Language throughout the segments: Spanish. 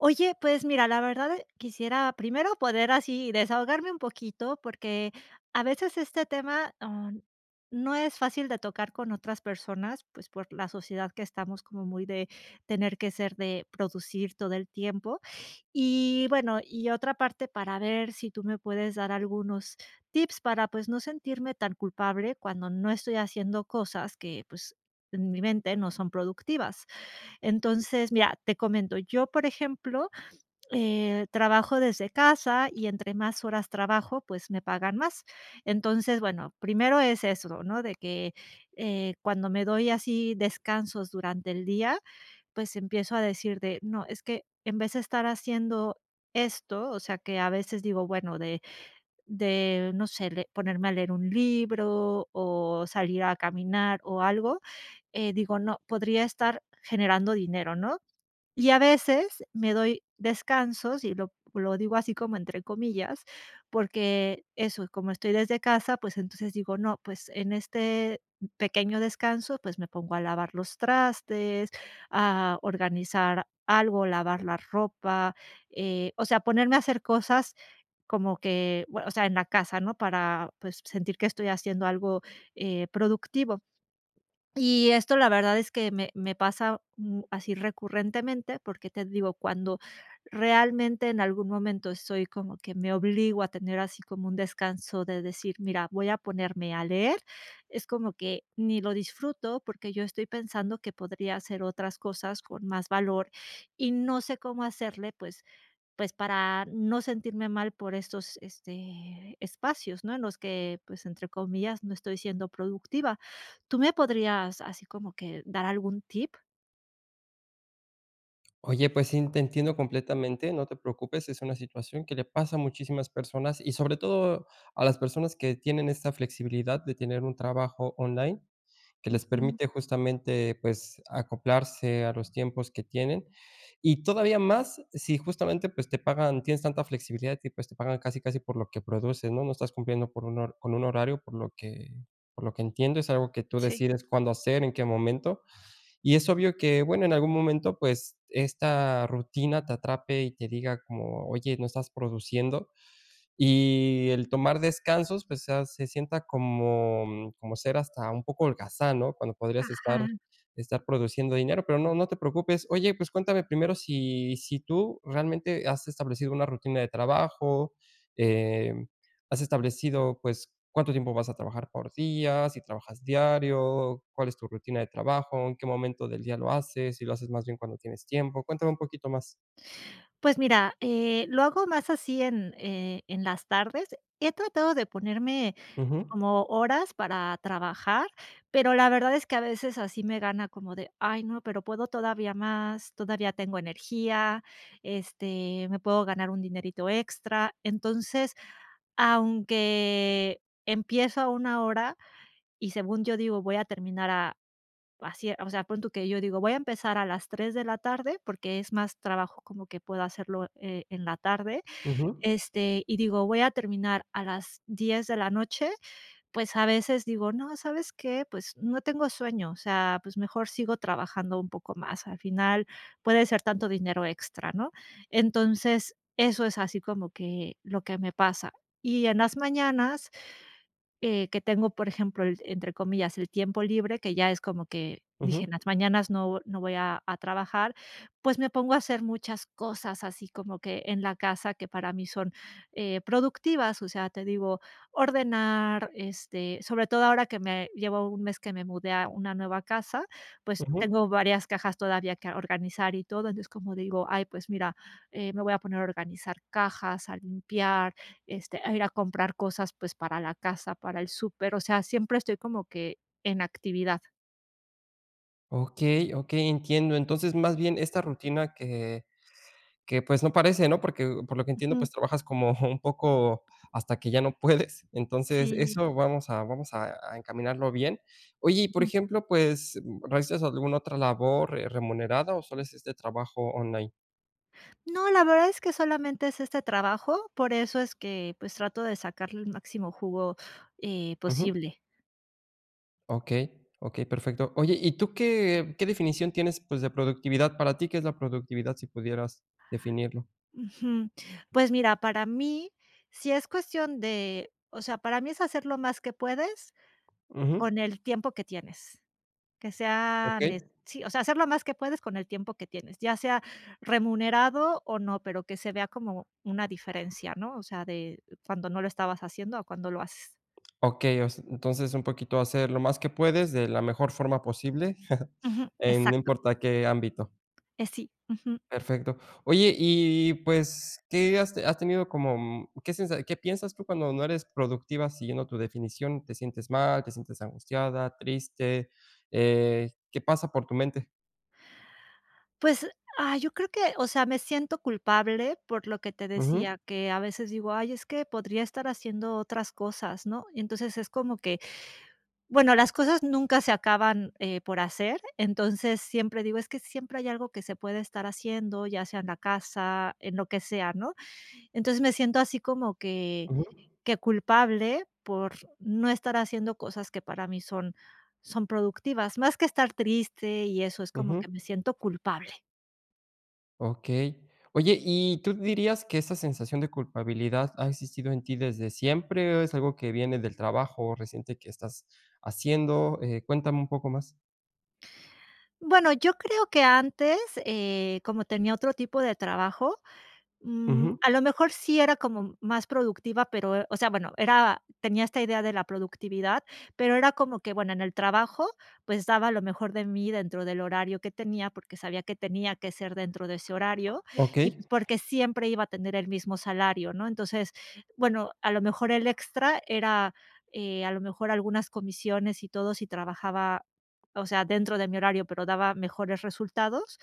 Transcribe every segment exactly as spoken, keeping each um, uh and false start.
Oye, pues mira, la verdad, quisiera primero poder así desahogarme un poquito, porque a veces este tema, ah, no es fácil de tocar con otras personas, pues por la sociedad que estamos como muy de tener que ser de producir todo el tiempo y bueno, y otra parte para ver si tú me puedes dar algunos tips para pues no sentirme tan culpable cuando no estoy haciendo cosas que pues en mi mente no son productivas. Entonces mira, te comento yo, por ejemplo, eh, trabajo desde casa y entre más horas trabajo, pues me pagan más. Entonces bueno, primero es eso, ¿no? De que, eh cuando me doy así descansos durante el día, pues empiezo a decir de: "No, es que en vez de estar haciendo esto", o sea que a veces digo bueno de, de, no sé le, ponerme a leer un libro o salir a caminar o algo, eh, digo, no podría estar generando dinero, ¿no? Y a veces me doy descansos y lo, lo digo así: "Como" entre comillas, porque eso y como estoy desde casa, pues entonces digo: "No, pues en este pequeño descanso, pues me pongo a lavar los trastes, a organizar algo, lavar la ropa", eh, o sea, ponerme a hacer cosas como que bue, o sea, en la casa, ¿no?, para pues sentir que estoy haciendo algo, eh productivo. Y esto la verdad es que me, me pasa mm, así recurrentemente porque te digo cuando realmente en algún momento estoy como que me obligo a tener así como un descanso de decir: "Mira, voy a ponerme a leer". Es como que ni lo disfruto porque yo estoy pensando que podría hacer otras cosas con más valor y no sé cómo hacerle, pues pues para no sentirme mal por estos este espacios, ¿no? En los que pues "entre comillas", no estoy siendo productiva, ¿Tú me podrías así como que dar algún tip? Oye, pues sí, te entiendo completamente. No te preocupes. Es una situación que le pasa a muchísimas personas y sobre todo a las personas que tienen esta flexibilidad de tener un trabajo online que les Ujú. permite justamente, pues, acoplarse a los tiempos que tienen, y todavía más, sí justamente, pues, te pagan tienes tanta flexibilidad, y pues, te pagan casi casi por lo que produces, ¿no?, no estás cumpliendo con un hor con un horario, por lo que por lo que entiendo, es algo que tú Sí. decides cuándo hacer en qué momento. Y es obvio que bueno, en algún momento, pues, esta rutina te atrape y te diga como: "Oye, no estás produciendo". Y el tomar descansos, pues, sea se sienta como como ser hasta un poco holgazán, ¿no?, cuando podrías estar Ajá. estar produciendo dinero. Pero no, no te preocupes. Oye, pues cuéntame primero si si tú realmente has establecido una rutina de trabajo, eh, ¿has establecido, pues, cuánto tiempo vas a trabajar por día? ¿Si trabajas diario? ¿Cuál es tu rutina de trabajo? ¿En qué momento del día lo haces? ¿Si lo haces más bien cuando tienes tiempo? Cuéntame un poquito más. Pues mira, eh, lo hago más así en, eh, en las tardes. He tratado de ponerme Ujú. como horas para trabajar, pero la verdad, es que a veces así me gana como de: "Ay, no, pero puedo todavía más. Todavía tengo energía. Este me puedo ganar un dinerito extra". Entonces, aunque empiezo a una hora y según yo digo, voy a terminar a así, o sea, pon tú que yo digo: "Voy a empezar a las tres de la tarde", porque es más trabajo como que puedo hacerlo, e en la tarde, Ujú. este, y digo: "Voy a terminar a las diez de la noche. Pues, a veces digo: "No, ¿sabes qué?, pues, no tengo sueño. O sea, pues mejor sigo trabajando un poco más. Al final, puede ser tanto dinero extra", ¿no? Entonces, eso es así como que, lo que me pasa, y en las mañanas, eh, que tengo, por ejemplo, el entre comillas, "el tiempo libre", que ya es como que, dije: Ujú. "En las mañanas no no voy a a trabajar", pues, me pongo a hacer muchas cosas, así como que en la casa que para mí son, eh, productivas. O sea, te digo, ordenar, este, sobre todo ahora que me llevo un mes que me mudé a una nueva casa. Pues, Ujú. tengo varias cajas todavía que organizar y todo. Entonces, es como digo: "Ay, pues mira, eh, me voy a poner a organizar cajas, a limpiar, este, a ir a comprar cosas, pues, para la casa, para el súper". O sea, siempre estoy como que en actividad. Okey, okey. Entiendo. Entonces más bien esta rutina que que pues no parece ¿no? Porque por lo que entiendo, Ujú. pues, trabajas como un poco hasta que ya no puedes. Entonces Sí. eso vamos a vamos a a encaminarlo bien. Oye, y por Ujú. ejemplo, pues, ¿realizas alguna otra labor remunerada o solo es éste trabajo online? No, la verdad es que solamente es este trabajo. Por eso es que pues trato de sacarle el máximo jugo, eh, Ujú. posible. Okey, okey. Perfecto. Oye, ¿y tú qué qué definición tienes pues de productividad? Para ti, ¿qué es la productividad? Si pudieras definirlo. Ujú. Pues mira, para mí si es cuestión de, o sea, para mí es hacer lo más que puedes Ujú. con el tiempo que tienes. Que sea ne Okey. sí, o sea, hacer lo más que puedes con el tiempo que tienes, ya sea remunerado o no, pero que se vea como una diferencia, ¿no? O sea, de cuando no lo estabas haciendo o cuando lo haces. Okey, o s entonces un poquito hacer lo más que puedes de la mejor forma posible, Ujú. en no Exacto. importa qué ámbito. Eh, sí, ujú. Perfecto. Oye, y pues, ¿qué has has tenido como mm, qué sensa, qué piensas tú cuando no eres productiva siguiendo tu definición, te sientes mal, te sientes angustiada, triste, eh, qué pasa por tu mente? Pues, ay, yo creo que, o sea, me siento culpable por lo que te Ujú. decía que a veces digo: "Ay, es que podría estar haciendo otras cosas", ¿no? Entonces, es como que, bueno, las cosas nunca se acaban, eh, por hacer. Entonces, siempre digo: "Es que siempre hay algo que se puede estar haciendo, ya sea en la casa, en lo que sea", ¿no? Entonces, me siento así, como que Ujú. que culpable por no estar haciendo cosas que para mí son son productivas más que estar triste, y eso es como Ujú. que me siento culpable. Okey. Oye, ¿y tú dirías que esa sensación de culpabilidad ha existido en ti desde siempre o es algo que viene del trabajo reciente que estás haciendo?, eh, cuéntame un poco más. Bueno, yo creo que antes, eh, como tenía otro tipo de trabajo, mm, Ujú. a lo mejor sí era como más productiva, pero, eh, o sea, bueno, era tenía esta idea de la productividad, pero era como que, bueno, en el trabajo, pues, daba lo mejor de mí dentro del horario que tenía porque sabía que tenía que ser dentro de ese horario y, Okey. pues, porque siempre iba a tener el mismo salario, ¿no? Entonces, bueno, a lo mejor el extra era, eh, a lo mejor algunas comisiones y todo si trabajaba, o sea, dentro de mi horario, pero daba mejores resultados,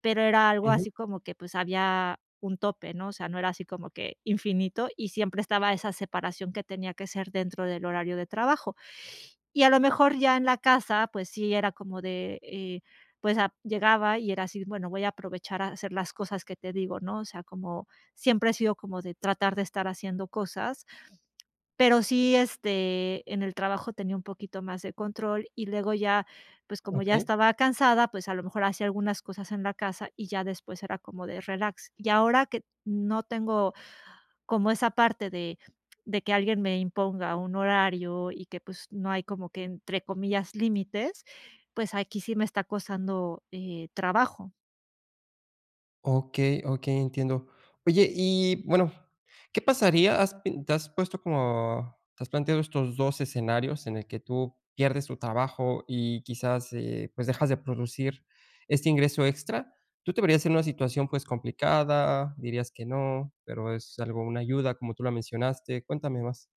pero era algo Ujú. así como que, pues, había un tope, ¿no? O sea, no era así como que infinito y siempre estaba esa separación que tenía que ser dentro del horario de trabajo y a lo mejor ya en la casa, pues sí, era como de, eh, pues, ah, llegaba y era así, bueno, voy a aprovechar a hacer las cosas que te digo, ¿no? O sea, como siempre he sido como de tratar de estar haciendo cosas, pero sí, este, en el trabajo tenía un poquito más de control y luego ya, pues, como ya Okey. estaba cansada, pues a lo mejor hacía algunas cosas en la casa y ya después era como de relax. Y ahora que no tengo como esa parte de de que alguien me imponga un horario y que, pues, no hay como que entre comillas límites, pues aquí sí me está costando, eh, trabajo. Okey, okey, entiendo. Oye, y bueno, ¿qué pasaría? ¿Has pin te has puesto como te has planteado estos dos escenarios en el que tú pierdes tu trabajo y quizás, eh, pues dejas de producir este ingreso extra? ¿Tú te verías en una situación, pues, complicada? ¿Dirías que no?, pero, es algo una ayuda como tú lo mencionaste. Cuéntame más.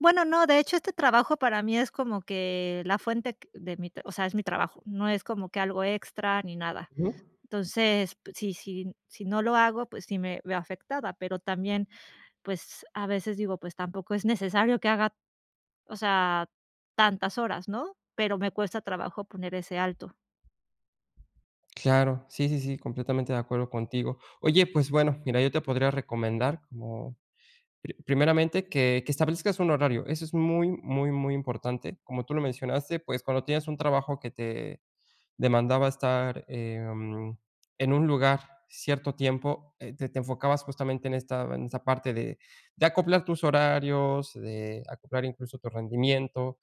Bueno, no, de hecho, este trabajo para mí es como que la fuente q de mi t o sea, es mi trabajo. No es como que algo extra ni nada. Ujú. Entonces, pues, sí, sí, sí no lo hago, pues sí, me veo afectada, pero también, pues, a veces digo: "Pues tampoco es necesario que haga, o sea tantas horas", ¿no?, pero, me cuesta trabajo poner ese alto. Claro. Sí, sí, sí, completamente de acuerdo contigo. Oye, pues bueno, mira, yo te podría recomendar como pri primeramente, que que establezcas un horario. Eso es muy, muy, muy importante, como tú lo mencionaste. Pues, cuando tienes un trabajo que te demandaba estar, em, en un lugar cierto tiempo, eh, t te enfocabas justamente, en esta en esta parte de de acoplar tus horarios, de acoplar incluso tu rendimiento.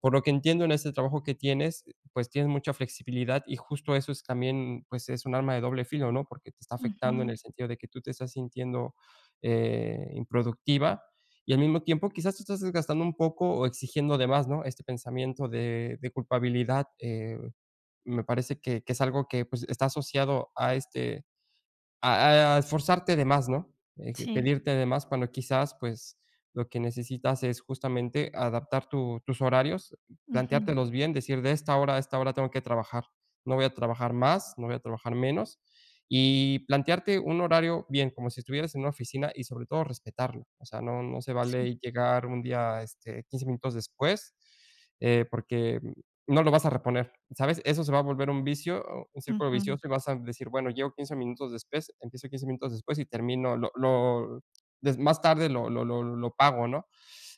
Por lo que entiendo, en ese trabajo que tienes, pues, tienes mucha flexibilidad y justo eso es también, pues, es un arma de doble filo, ¿no?, porque te está afectando en Ujú. el sentido de que tú te estás sintiendo, eh, improductiva y al mismo tiempo, quizás tú estás desgastando un poco o exigiendo de más, ¿no?, este pensamiento de de culpabilidad, eh, me parece que que es algo que, pues, está asociado a este, a e esforzarte de más, ¿no?, de Sí. pedirte de más cuando quizás, pues, lo que necesitas es justamente adaptar tu tus horarios, Ujú. planteártelos bien, decir: "De esta hora a esta hora tengo que trabajar. No voy a trabajar más, no voy a trabajar menos", y plantearte un horario bien, como si estuvieras en una oficina y sobre todo respetarlo. O sea, no no se Sí. vale llegar un día, este, quince minutos después, eh, porque no lo vas a reponer, ¿sabes?, eso se va a volver un vicio, un círculo Ujú. vicioso y vas a decir: "Bueno, llego quince minutos después, empiezo quince minutos después y termino lo lo des más tarde lo lo lo lo pago", ¿no?,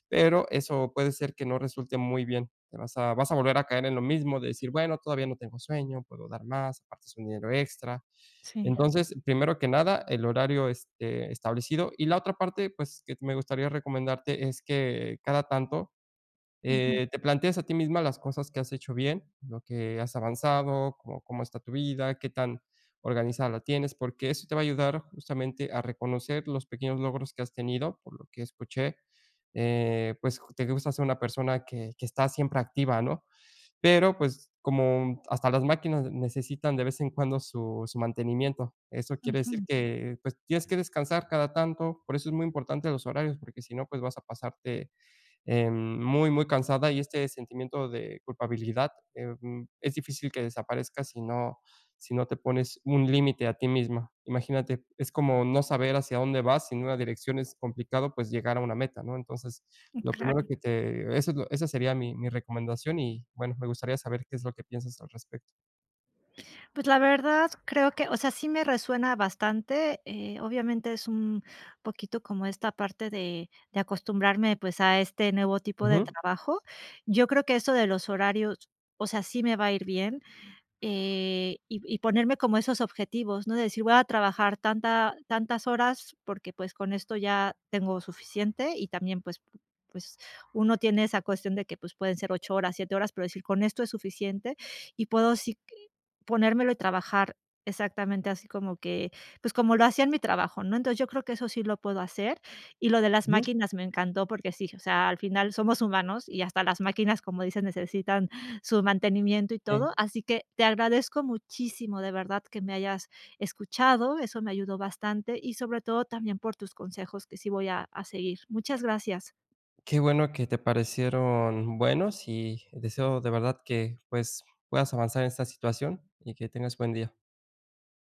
pero, eso puede ser que no resulte muy bien. Te vas a vas a volver a caer en lo mismo de decir: "Bueno, todavía no tengo sueño. Puedo dar más, aparte es un dinero extra". Sí. Entonces, primero que nada, el horario, este, establecido y la otra parte, pues, que t me gustaría recomendarte es, que cada tanto, Ujú. eh, te planteas a ti misma las cosas que has hecho bien, lo que has avanzado. Cómo cómo está tu vida, qué tan organizada la tienes. Porque eso te va a ayudar justamente, a reconocer los pequeños logros que has tenido por lo que escuché, eh, pues, j te gusta ser una persona que que está siempre activa, ¿no?, pero pues, como hasta las máquinas necesitan de vez en cuando su su mantenimiento. Eso quiere decir Ujú. que, pues, tienes que descansar cada tanto. Por eso es muy importante los horarios, porque si no, pues vas a pasarte, em, muy, muy cansada, y este sentimiento de culpabilidad, eh, mm, es difícil que desaparezca, si no si no te pones un límite a ti misma. Imagínate, es como no saber hacia dónde vas, sin una dirección es complicado, pues, llegar a una meta, ¿no? Entonces, Mm, lo primero claro. que te esa l esa sería mi mi recomendación y bueno, me gustaría saber, ¿qué es lo que piensas al respecto? Pues la verdad, creo que, o sea, sí me resuena bastante, eh, obviamente es un poquito como esta parte de de acostumbrarme, pues, a este nuevo tipo de Ujú. trabajo. Yo creo que eso de los horarios, o sea, sí me va a ir bien, eh, y y ponerme como esos objetivos, ¿no? De decir: "Voy a trabajar tanta tantas horas", porque, pues, con esto ya tengo suficiente, y también, pues pues, uno tiene esa cuestión de que, pues, pueden ser ocho horas, siete horas, pero decir: "Con esto es suficiente", y puedo, sí, q ponérmelo y trabajar exactamente así, como que, pues, como lo hacía en mi trabajo, ¿no? Entonces, yo creo que eso sí lo puedo hacer, y lo de las Ujú. máquinas me encantó, porque sí, o sea, al final somos humanos y hasta las máquinas, como dicen, necesitan su mantenimiento y Sí. todo, así que te agradezco muchísimo, de verdad, que me hayas escuchado. Eso me ayudó bastante y, sobre todo, también por tus consejos, que sí voy a a seguir. Muchas gracias. Qué bueno que te parecieron buenos y deseo de verdad que pues, puedas avanzar en esta situación y que tengas buen día.